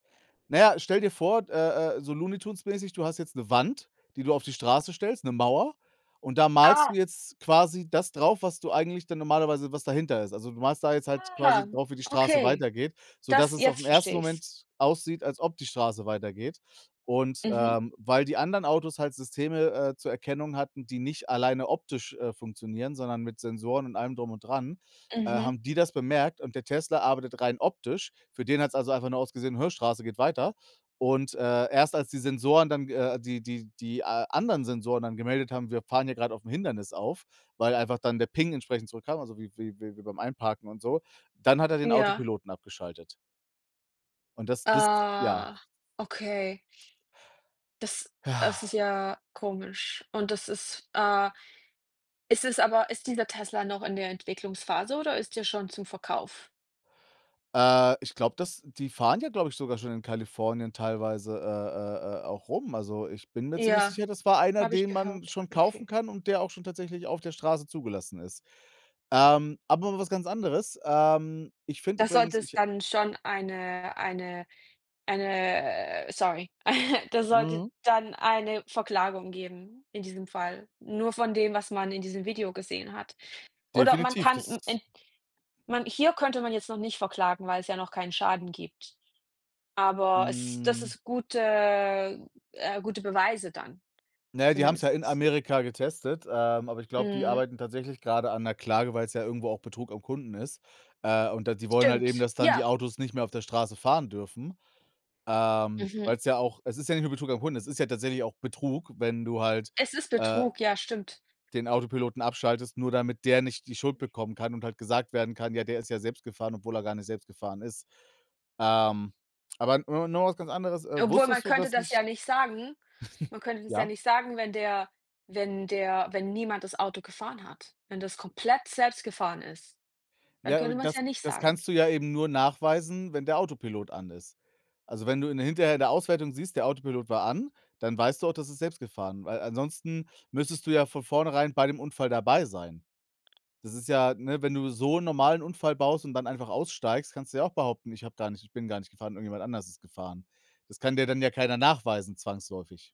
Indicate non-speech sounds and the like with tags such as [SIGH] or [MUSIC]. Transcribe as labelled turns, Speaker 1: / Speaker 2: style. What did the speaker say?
Speaker 1: Naja, stell dir vor d äh äh, so Looney Tunes mäßig, du hast jetzt 'ne Wand, die du auf die Straße stellst, 'ne Mauer. Und da malst du
Speaker 2: Ah.
Speaker 1: jetzt quasi das drauf, was du eigentlich dann normalerweise was dahinter ist. Also, du malst da jetzt halt quasi
Speaker 2: Aha.
Speaker 1: drauf, wie die Straße
Speaker 2: Okay.
Speaker 1: weitergeht, sodass
Speaker 2: Das
Speaker 1: es auf den
Speaker 2: jetzt
Speaker 1: 1.
Speaker 2: verstehe ich's.
Speaker 1: Moment aussieht, als ob die Straße weitergeht. Und
Speaker 2: Mhm.
Speaker 1: ähm, weil die anderen Autos halt Systeme, äh, zur Erkennung hatten, die nicht alleine optisch, äh, funktionieren, sondern mit Sensoren und allem Drum und Dran, äh,
Speaker 2: Mhm.
Speaker 1: haben die das bemerkt und der Tesla arbeitet rein optisch. Für den hat's also einfach nur ausgesehen: Straße geht weiter. Und, äh, erst als die Sensoren dann, äh die die die a anderen Sensoren dann gemeldet haben, wir fahren hier grad auf 'n Hindernis auf, weil einfach dann der Ping entsprechend zurückkam also wie wie wie wie beim Einparken und so, dann hat er den
Speaker 2: Ja.
Speaker 1: Autopiloten abgeschaltet. Und das, [UNINTELLIGIBLE] ja.
Speaker 2: Ah, okay. Das das ist
Speaker 1: Ja.
Speaker 2: ja komisch. Und das ist, äh es ist aber ist dieser Tesla noch in der Entwicklungsphase oder ist der schon zum Verkauf?
Speaker 1: Äh, ich glaube, dass die fahren ja, glaube ich, sogar schon in Kalifornien teilweise, äh, äh, äh, auch rum. Also, ich bin mir ziemlich
Speaker 2: Ja,
Speaker 1: sicher, das war einer,
Speaker 2: habe ich
Speaker 1: den man
Speaker 2: gehört,
Speaker 1: schon kaufen
Speaker 2: okay.
Speaker 1: kann und der auch schon tatsächlich auf der Straße zugelassen ist. Ähm, aber mal was ganz anderes. Ähm, ich finde
Speaker 2: Das
Speaker 1: übrigens,
Speaker 2: sollte
Speaker 1: ich,
Speaker 2: es
Speaker 1: äh
Speaker 2: dann schon eine eine eine äh, sorry. [CHUCKLES] Das sollte
Speaker 1: Mhm.
Speaker 2: dann eine Verklagung geben in diesem Fall. Nur von dem, was man in diesem Video gesehen hat. Oder man
Speaker 1: Definitiv,
Speaker 2: kann
Speaker 1: das
Speaker 2: im
Speaker 1: ist
Speaker 2: End man hier könnte man jetzt noch nicht verklagen, weil's ja noch keinen Schaden gibt. Aber es das
Speaker 1: Mhm.
Speaker 2: ist gute, äh, gute Beweise dann,
Speaker 1: Na ja, die haben's ja in
Speaker 2: zumindest.
Speaker 1: Amerika getestet, ähm, aber ich glaube, die
Speaker 2: Mhm.
Speaker 1: arbeiten tatsächlich grade an 'ner Klage, weil's ja irgendwo auch Betrug am Kunden ist. Äh, und da die wollen halt eben,
Speaker 2: Stimmt,
Speaker 1: dass dann die
Speaker 2: ja.
Speaker 1: Autos nicht mehr auf der Straße fahren dürfen, ähm,
Speaker 2: Mhm.
Speaker 1: weil's ja auch es ist ja nicht nur Betrug am Kunden, es ist ja tatsächlich auch Betrug, wenn du halt,
Speaker 2: Es ist
Speaker 1: äh
Speaker 2: Betrug, ja, stimmt.
Speaker 1: den Autopiloten abschaltest, nur damit der nicht die Schuld bekommen kann und halt gesagt werden kann: „Ja, der ist ja selbst gefahren“, obwohl er gar nicht selbst gefahren ist. Ähm, aber no noch mal was ganz anderes, äh,
Speaker 2: Obwohl, man
Speaker 1: wusstest du
Speaker 2: könnte
Speaker 1: das
Speaker 2: das ja
Speaker 1: nicht
Speaker 2: nicht sagen. Man könnte
Speaker 1: [CHUCKLES]
Speaker 2: das ja
Speaker 1: ja?
Speaker 2: nicht sagen, wenn der wenn der wenn niemand das Auto gefahren hat. Wenn das komplett selbst gefahren ist, dann
Speaker 1: [UNINTELLIGIBLE]
Speaker 2: könnte man's
Speaker 1: das
Speaker 2: ja nicht
Speaker 1: das
Speaker 2: sagen.
Speaker 1: kannst du ja eben nur nachweisen, wenn der Autopilot an ist. Also, wenn du in der hinterher in der Auswertung siehst, der Autopilot war an, dann weißt du auch, das ist selbst gefahren, weil ansonsten müsstest du ja von vornherein bei dem Unfall dabei sein. Das ist ja ne, wenn du so 'n normalen Unfall baust und dann einfach aussteigst, kannst du ja auch behaupten, ich habe gar nicht ich bin gar nicht gefahren, irgendjemand anders ist gefahren. Das kann dir dann ja keiner nachweisen zwangsläufig.